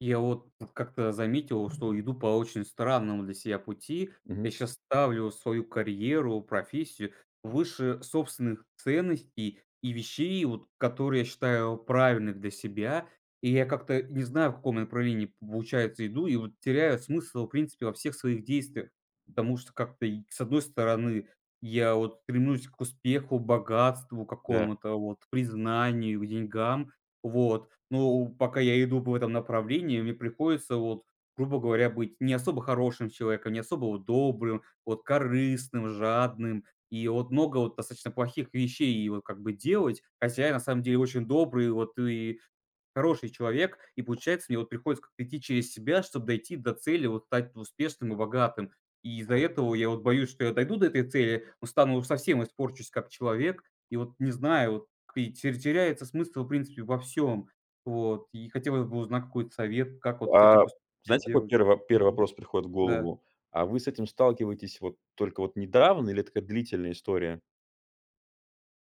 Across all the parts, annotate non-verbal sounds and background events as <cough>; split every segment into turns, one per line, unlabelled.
Я вот как-то заметил, что иду по очень странному для себя пути. Я
Мгм.
щас ставлю свою карьеру, профессию выше собственных ценностей и вещей, вот которые я считаю правильных для себя. И я как-то не знаю, в каком направлении, получается, иду и вот теряю смысл в принципе во всех своих действиях. Потому что как-то, и с одной стороны, я вот стремлюсь к успеху, богатству
Да.
какому-то, вот признанию, к деньгам. Вот. Но, у, пока я иду в этом направлении, мне приходится, вот, грубо говоря, быть не особо хорошим человеком, не особо вот добрым, вот корыстным, жадным, и вот много вот достаточно плохих вещей и вот как бы делать. Хотя я на самом деле очень добрый, и вот и хороший человек. И получается, мне вот приходится как-то идти через себя, чтоб дойти до цели, вот стать успешным и богатым. И из-за этого я вот боюсь, что я дойду до этой цели, но стану совсем, испорчусь как человек. И вот не знаю, вот и терь теряется смысл в принципе во всем. Вот. И хотелось бы узнать какой-то совет, как вот с этим
А,
посту и
знаете, какой
сделать.
первы первый
Мгм.
вопрос приходит в
Да.
голову? А вы с этим сталкиваетесь вот только вот недавно или это такая длительная история?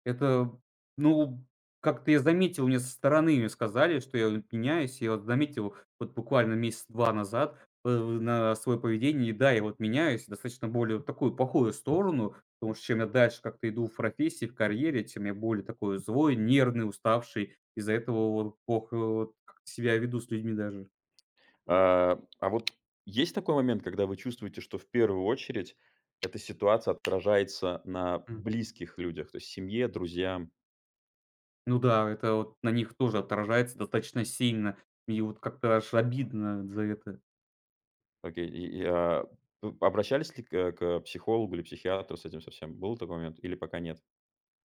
Это, ну, как-то я заметил- мне со стороны, мне сказали,- что я от меняюсь. Я вот заметил вот буквально месяца 2 назад вот это вот на своё поведение. И да, я вот меняюсь достаточно более в такую плохую сторону, потому что чем я дальше как-то иду в профессии, в карьере, тем я более такой злой, нервный, уставший. Из-за этого вот плохо вот как-то себя веду с людьми даже.
А, а вот есть такой момент, когда вы чувствуете, что в первую очередь эта ситуация отражается на
М.
близких людях, то есть семье, друзьям?
Ну да, это вот на них тоже отражается достаточно сильно. И вот как-то аж обидно за это.
Окей. И и а, п обращались ли к, э, к психологу или психиатру с этим со всем? Был такой момент или пока нет?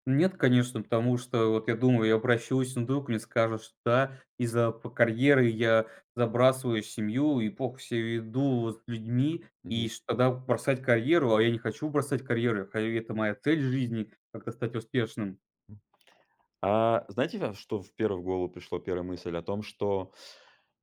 Нет, конечно, потому что вот я думаю, я обращусь, ну, вдруг мне скажут, что да, из-за п карьеры я забрасываю семью и плохо себя веду вот с людьми. И
Мгм.
ш тогда бросать карьеру? А я не хочу бросать карьеру. Карьера- это моя цель в жизни, как-то стать успешным.
М, а знаете, вяв что в первую в голову пришло, 1 мысль о том, что,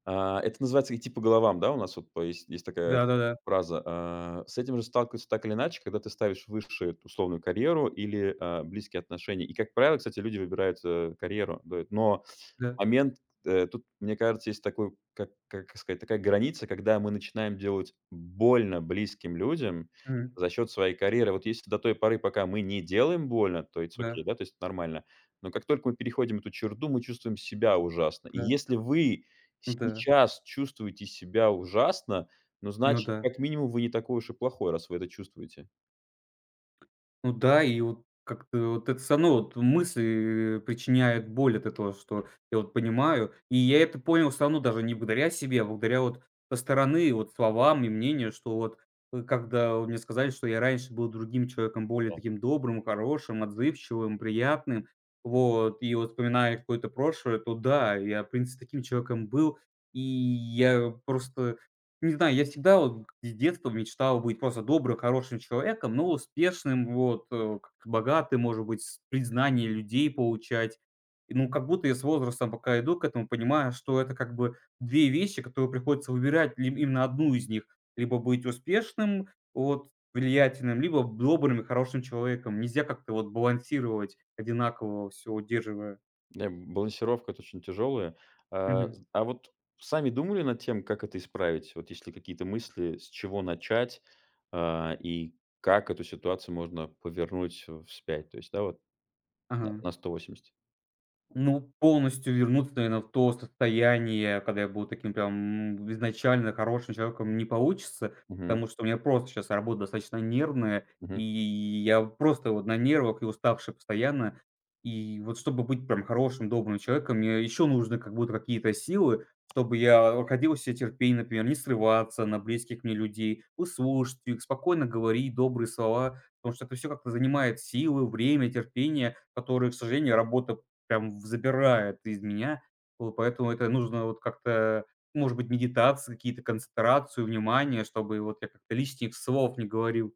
а, это называется идти по головам, да, у нас вот по есть, есть такая
Да-да-да.
фраза. А, с этим же сталкиваются так или иначе, когда ты ставишь выше эту условную карьеру или, а, близкие отношения. И, как правило, кстати, люди выбирают, э, карьеру быт, но
Да.
момент, кт э, тут, мне кажется, есть такой, как как сказать, такая граница, когда мы начинаем делать больно близким людям
Мгм.
за счёт своей карьеры. Вот если до той поры, пока мы не делаем больно, то it's okay,
Да.
да, то есть нормально, но как только мы переходим эту черту, мы чувствуем себя ужасно. И
Да.
если вы
Н-да.
сейчас чувствуете себя ужасно, ну,
Ну
значит,
да.
как минимум, вы не такой уж и плохой, раз вы это чувствуете.
Ну да и вот как-то вот это всё равно, вот мысли и причиняют боль от этого, что я вот понимаю, и я это понял всё равно даже не благодаря себе, а благодаря вот со стороны вот словам и мнению, что вот, ы, когда вот мне сказали, что я раньше был другим человеком, более
То.
таким добрым и хорошим, отзывчивым, приятным, вот. И вот вспоминая какое-то прошлое, то да, я в принципе таким человеком был. И я просто не знаю. Я всегда вот из детства мечтал быть просто добрым, хорошим человеком, но успешным, вот, э, как-то богатым, может быть, с признание людей получать. И ну, как будто я с возрастом пока иду к этому, понимаю, что это как бы 2 вещи, которые приходится выбирать либ именно 1 из них: либо быть успешным, вот влиятельным, либо б добрым и хорошим человеком. Нельзя как-то вот балансировать, одинаково всё удерживая.
Ам, балансировка- это очень тяжёлое. А
Мгм.
з а вот сами думали над тем, как это исправить? Вот есть ли какие-то мысли, с чего начать, а, и как эту ситуацию можно повернуть в, э, спять, то есть, да, вот на
Ага.
на 180.
Ну, полностью вернуться, наверное, в то состояние, когда я был таким прям изначально хорошим человеком, не получится.
Мгм.
Потому что у меня просто щас работа достаточно нервная, и
Мгм.
я просто вот на нервах и уставший постоянно. И вот чтобы быть прям хорошим, добрым человеком, мне еще нужны как будто какие-то силы, чтобы я, а, находил в себе терпение, например, не срываться на близких мне людей, выслушать их, спокойно говорить добрые слова. Потому что это всё как-то занимает силы, время, терпение, которые, к сожалению, работа прям в забирает из меня. Вот. Поэтому это нужно вот как-то, может быть, медитации какие-то, концентрацию внимания, чтобы вот я как-то лишних слов не говорил.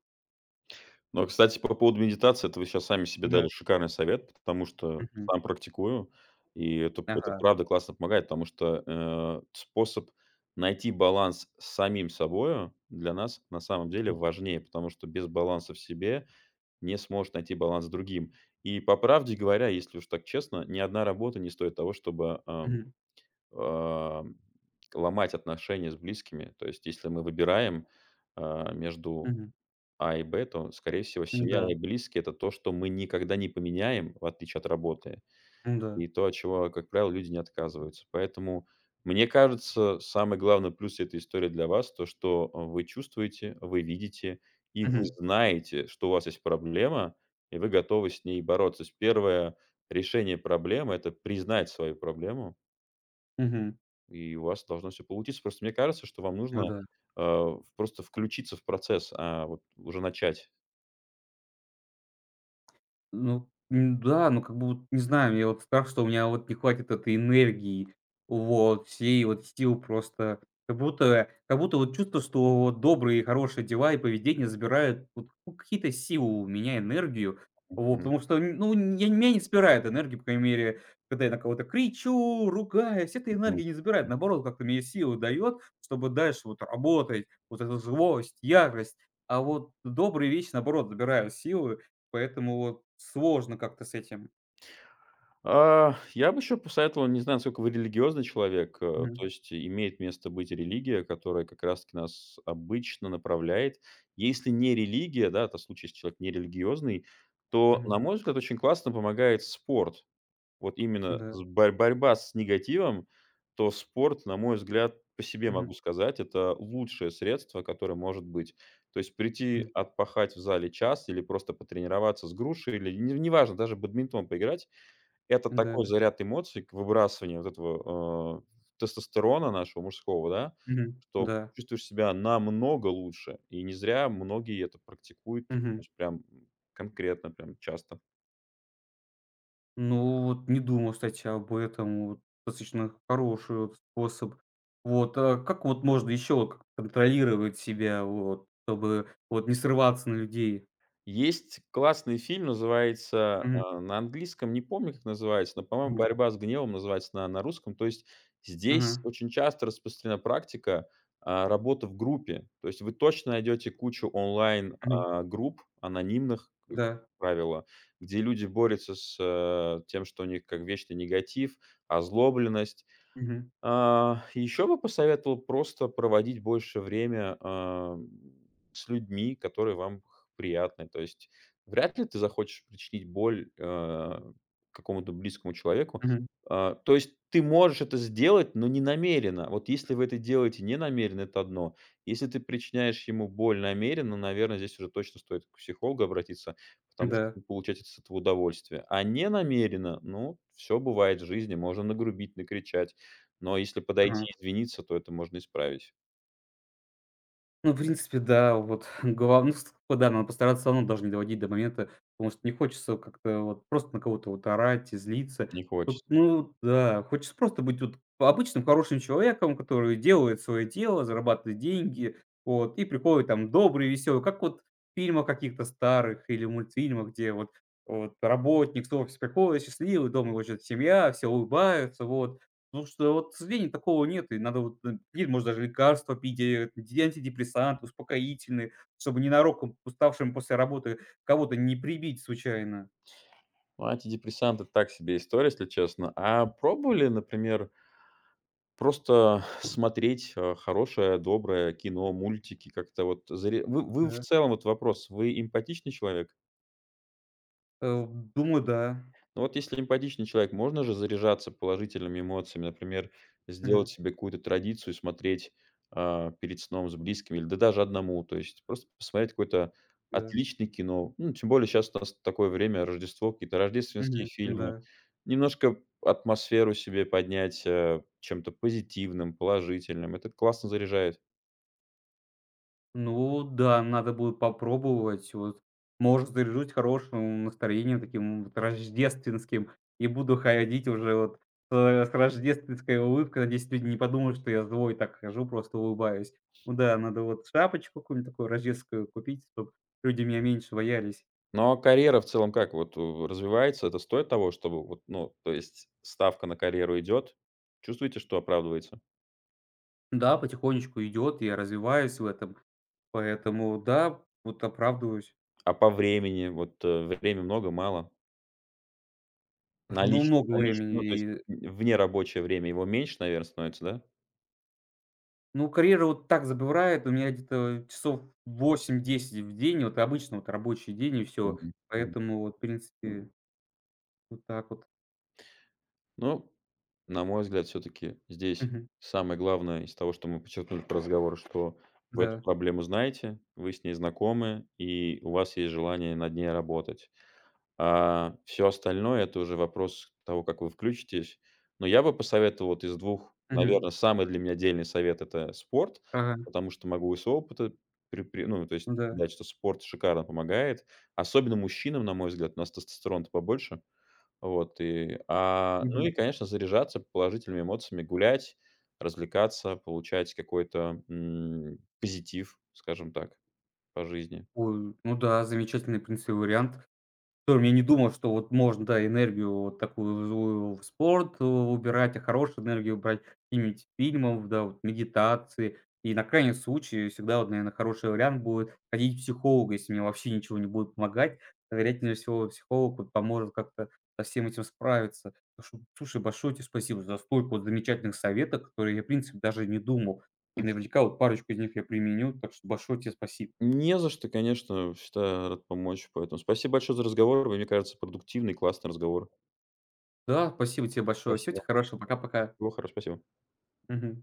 Ну, кстати, по поводу медитации, это вы щас сами себе
Да.
дали шикарный совет, потому что
Мгм.
сам практикую, и это, п это
Ага.
правда классно помогает. Потому что, э, способ найти баланс с самим собою для нас на самом деле
Мгм.
важнее, потому что без баланса в себе не сможешь найти баланс с другим. И по правде говоря, если уж так честно, ни одна работа не стоит того, чтобы, ам,
Мгм.
ам, ломать отношения с близкими. То есть если мы выбираем, а, между
Мгм.
А и Б, то, скорее всего, семья
М-да.
и близкие- это то, что мы никогда не поменяем, в отличие от работы,
Н-да.
и то, от чего, а, как правило, люди не отказываются. Поэтому, мне кажется, самый главный плюс этой истории для вас то, что, э, вы чувствуете, вы видите, и вы
Мгм.
знаете, что у вас есть проблема, и вы готовы с ней бороться. То есть 1 решение проблемы- это признать свою проблему.
Мгм.
И у вас должно всё получиться. Просто мне кажется, что вам нужно,
Ну да.
э, ф просто включиться в процесс, а, вот уже начать.
Ну, н-да. Ну, как буд не знаю. Мне вот страх, что у меня вот не хватит этой энергии, вот всей вот сил просто. Как будто, э, как будто вот чувство, что вот добрые и хорошие дела и поведение забирают вот, ну, какие-то силы у меня, энергию,
М.
вот.
Мгм.
Потому что, ну, нь я мя не вспирает энергии, по крайней мере, когда я на кого-то кричу, ругаюсь, эта
Мгм.
энергия не забирает,
М.
наоборот, как-то мне силу дает, чтобы дальше вот работать. Вот эта злость, ярость. А вот добрые вещи, наоборот, забирают силы. Поэтому вот сложно как-то с этим.
А, я бы ещё посоветовал- не знаю, насколько вы религиозный человек,- э, то
Мгм.
есть имеет место быть религия, которая как раз таки нас обычно направляет. Если не религия, да, это в случае, если человек нерелигиозный, то, на
Мгм.
мой взгляд, очень классно помогает спорт. Вот именно
Да.
з борь борьба с негативом, то спорт, на мой взгляд, по себе
Мгм.
могу сказать, это лучшее средство, которое может быть. То есть прийти
М.
отпахать в зале час или просто потренироваться с грушей, или н неважно, даже бадминтон поиграть- это такой
Н-да.
заряд эмоций к выбрасыванию вот этого, э, тестостерона нашего мужского, да,
Мгм.
что
Да.
чувствуешь себя намного лучше. И не зря многие это практикуют, то
Мгм.
есть прям, м, конкретно, прям часто.
Ну, вот не думал, кстати, об этом. Вот достаточно хороший, вот, способ. Вот, а как, вот, можно ещё, вот к контролировать себя, вот чтобы, вот не срываться на людей?
Есть классный фильм, называется,
Мгм.
а, на английском не помню, как называется, но, по-моему,
Мгм.
"Борьба с гневом" называется на на русском. То есть здесь
Ага.
очень часто распространена практика, а, работы в группе. То есть вы точно найдёте кучу онлайн,
Мгм.
а, групп анонимных, э,
Да.
правило, где люди борются с, тем, что у них как вечный негатив, озлобленность.
Мгм.
А, ещё бы посоветовал просто проводить больше время, ам, с людьми, которые вам х приятны. То есть вряд ли ты захочешь причинить боль, а, какому-то близкому человеку.
Мгм.
А, то есть ты можешь это сделать, но не намеренно. Вот если вы это делаете не намеренно- это одно. Если ты причиняешь ему боль намеренно, наверно, здесь уже точно стоит к психологу обратиться, потому что
Н-да.
вы получаете с от этого удовольствие, а не намеренно- ну, всё бывает в жизни: можно нагрубить, накричать, но если
Ага.
подойти извиниться, то это можно исправить.
Ну, в принципе, да. Вот, глав ну ст вот да. Надо постараться всё равно даже не доводить до момента. Потому что не хочется как-то вот просто на кого-то вот орать и злиться.
Не
Вот,
хочет.
ну да, хочется просто быть вот па обычным хорошим человеком, который делает свое дело, зарабатывает деньги. Вот, и приходит там добрый, веселый, как вот в фильмах каких-то старых или мультфильмах, где вот вот работник с <unintelligible> приходит счастливый. Дома его ждет семья, все улыбаются, вот. Ну что вот, к сожалению, такого нет. И надо, вот, н пить может даже лекарства пить, э, ди антидепрессанты, успокоительные, чтобы ненароком уставшим после работы кого-то не прибить случайно.
Ну, антидепрессанты- так себе история, если честно. А пробовали, например просто смотреть, э, хорошее, доброе кино, мультики, как-то вот заре Вы вы в
Да.
целом, вот вопрос: вы эмпатичный человек?
Э, думаю, да.
Ну, вот если эмпатичный человек, можно же заряжаться положительными эмоциями. Например, сделать
Мгм.
себе какую-то традицию и смотреть, э, перед сном с близкими или, да даже одному. То есть просто посмотреть какое-то
Да.
отличное кино. Ну, тем более щас трас такое время- Рождество, какие-то рождественские
Мгм, ну
фильмы.
да.
Немножко атмосферу себе поднять, э, чем-то позитивным, положительным. Это классно заряжает.
Ну да, надо будет попробовать. Вот, может, заряжусь хорошим настроением таким вот рождественским и буду ходить уже вот, э, с рождественской улыбкой. Надеюсь, люди не подумают, что я злой и так хожу, просто улыбаюсь. Ну да, надо вот шапочку какую-нибудь такую рождественскую купить, чтоб люди меня меньше боялись.
Но, а карьера в целом как вот, э, развивается? Это стоит того, чтобы вот, ну, то есть ставка на карьеру идёт? Чувствуете, что оправдывается?
Да, потихонечку идет, и я развиваюсь в этом. Поэтому да, вот оправдываюсь.
А по времени? Вот, э, время много, мало? На
Ну,
лич
много
на лич ну,
времени
то есть
и
внерабочее время его меньше, наверное, становится, да?
Ну, карьера вот так забирает у меня где-то, э, часов 8-10 в день, вот обычно вот рабочий день и всё.
Мгм мгм.
Поэтому, вот в принципе вот так вот.
Ну, на мой взгляд, всё-таки здесь
Мгм.
самое главное из того, что мы подчеркнули по разговору, что вы эту
Да.
проблему знаете, вы с ней знакомы, и у вас есть желание над ней работать. А всё остальное- это уже вопрос того, как вы включитесь. Но я бы посоветовал вот из 2,
Мгм.
наверно, самый для меня дельный совет- это спорт.
Ага.
Потому что могу из своего опыта пре пре ну, то есть
Ну да.
дать, что спорт шикарно помогает, особенно мужчинам, на мой взгляд, у нас тестостерона-то побольше. Вот и, а, ну и,
Мгм.
конечно, заряжаться положительными эмоциями, гулять, развлекаться, получать какой-то, м, позитив, скажем так, по жизни.
Ой, ну да, замечательный, в принципе, вариант. Котором я не думал, что вот можно, да, энергию вот такую злую в спорт у убирать, а хорошую энергию брать имить фильмов, да, вот медитации. И на крайний случай всегда вот, наверное, хороший вариант будет- ходить к психологу, если мне вообще ничего не будет помогать. То, вероятнее всего, психолог вот поможет как-то со всем этим справиться. Так что, слушай, большое тебе спасибо за столько вот замечательных советов, о которых я, в принципе, даже не думал. И наверняка вот парочку из них я применю. Так что большое тебе спасиб
Не за что. Конечно, всегда рад помочь. Поэтому спасибо большое за разговор. Мне кажется, продуктивный, классный разговор.
Да, спасибо тебе большое. Всего
Спасибо.
тебе хорошего. Пока-пока.
Всего хоро Спасибо.
Мгм.